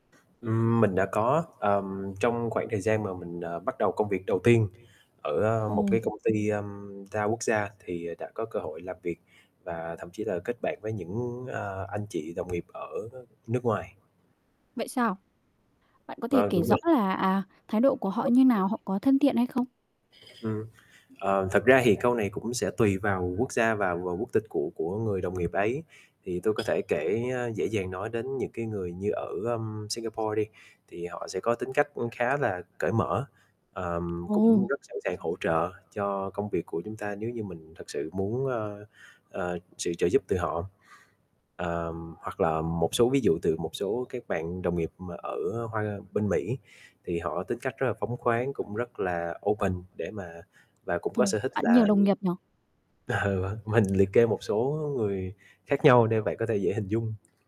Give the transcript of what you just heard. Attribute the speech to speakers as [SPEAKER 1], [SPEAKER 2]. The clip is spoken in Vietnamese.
[SPEAKER 1] Ừm, mình đã có, ờm, trong khoảng thời gian mà, à, mình bắt đầu công việc đầu tiên ở một cái
[SPEAKER 2] Ồ.
[SPEAKER 1] công ty, ưm, đa quốc gia thì, à, đã có cơ hội làm việc và thậm chí là kết bạn với những, à, anh chị đồng nghiệp ở nước ngoài.
[SPEAKER 2] Vậy sao? Bạn có thể
[SPEAKER 1] Vâng,
[SPEAKER 2] kể
[SPEAKER 1] đúng
[SPEAKER 2] rõ
[SPEAKER 1] rồi.
[SPEAKER 2] là, à, thái độ của họ như nào, họ có thân thiện hay không?
[SPEAKER 1] Ừm. Ờ, thật ra thì câu này cũng sẽ tùy vào quốc gia, vào vào quốc tịch của của người đồng nghiệp ấy, thì tôi có thể kể, a, dễ dàng nói đến những cái người như ở, ưm, Singapore đi, thì họ sẽ có tính cách cũng khá là cởi mở, ờm,
[SPEAKER 2] Ồ.
[SPEAKER 1] cũng rất sẵn sàng hỗ trợ cho công việc của chúng ta nếu như mình thật sự muốn, a, ờ, sự trợ giúp từ họ. Ờm, hoặc là, ờm, một số ví dụ từ một số các bạn đồng nghiệp mà ở Hoa bên Mỹ, thì họ tính cách rất là phóng khoáng, cũng rất là open để mà và cũng có
[SPEAKER 2] Ồ,
[SPEAKER 1] sở thích
[SPEAKER 2] bạn nhiều
[SPEAKER 1] là,
[SPEAKER 2] đồng
[SPEAKER 1] ừ,
[SPEAKER 2] nghiệp nhỉ?
[SPEAKER 1] ờ, vâng, mình liệt kê một số, ơ, người khác nhau để bạn có thể dễ hình dung.